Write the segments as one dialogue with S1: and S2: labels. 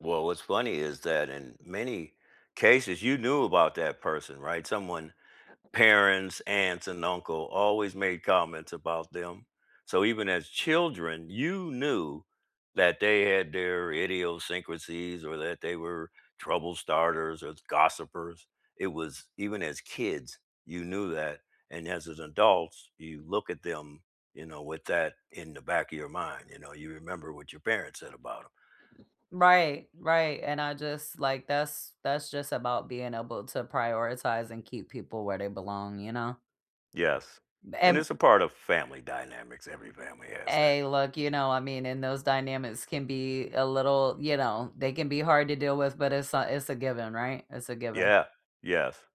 S1: Well, what's funny is that in many cases you knew about that person, right, someone parents, aunts and uncle always made comments about them, so even as children, you knew that they had their idiosyncrasies or that they were trouble starters or th gossipers. It was even as kids, you knew that and as in adults, you look at them, you know, with that in the back of your mind, you know, you remember what your parents said about 'em.
S2: Right, right and I just like that's that's just about being able to prioritize and keep people where they belong, you know?
S1: Yes, and
S2: And
S1: it's a part of family dynamics, every family has that.
S2: Hey, look, you know, I mean, and those dynamics can be a little, you know, they can be hard to deal with, but it's a it's a given, right? It's a given.
S1: Yeah, yes,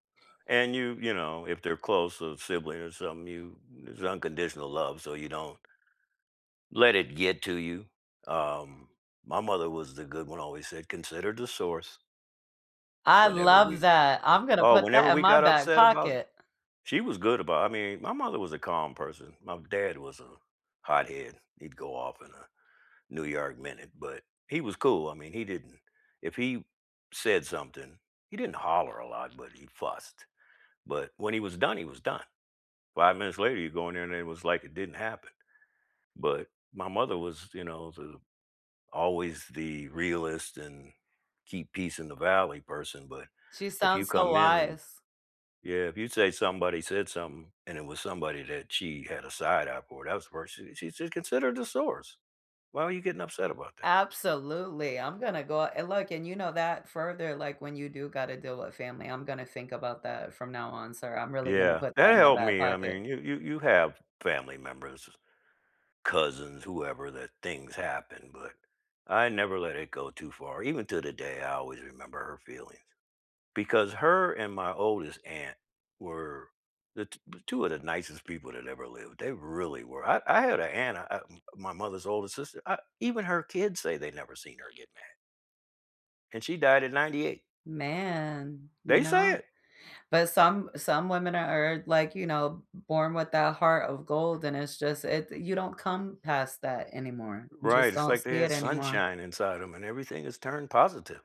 S1: and you you know, if they're close, a sibling or something, you there's unconditional love, so you don't let it get to you. Um, my mother was the good one, always said, "Consider the source."
S2: I
S1: Whenever
S2: love
S1: we
S2: that, I'm gonna
S1: Oh,
S2: put
S1: whenever
S2: that in
S1: we
S2: my
S1: got
S2: back
S1: upset about the
S2: pocket.
S1: she was good about I mean, my mother was a calm person, my dad was a hothead, he'd go off in a New York minute, but he was cool, I mean, he didn't if he said something, he didn't holler a lot, but he fussed, but when he was done, he was done. 5 minutes later you go in there and it was like it didn't happen, but my mother was, you know, the always the realist and keep peace in the valley person, but
S2: She
S1: if you
S2: sounds so
S1: come in and
S2: wise.
S1: yeah, if you'd say somebody said something and it was somebody that she had a side eye for, that was the first uh, she said, "Consider the source, why are you getting upset about that?"
S2: Absolutely, I'm gonna go and look and you know that further, like, when you do gotta deal with family I'm gonna think about that from now on sir, I'm really gonna
S1: Yeah,
S2: put that
S1: that
S2: in my
S1: helped
S2: back
S1: me, I
S2: pocket.
S1: mean, you you you have family members, cousins, whoever that things happen but I never let it go too far, even to the day, I always remember her feelings, because her and my oldest aunt were the t b 2 of the nicest people that ever lived, they really were, I I had an aunt, I I m my mother's oldest sister, I even her kids say they never seen her get mad. And she died at 98.
S2: Man, you
S1: They say
S2: know,
S1: it.
S2: but some some women are are, like, you know, born with that heart of gold and it's just it you don't come past that anymore, you
S1: Right,
S2: just
S1: it's
S2: don't
S1: like they
S2: see
S1: had
S2: it anymore.
S1: sunshine inside 'em and everything has turned positive.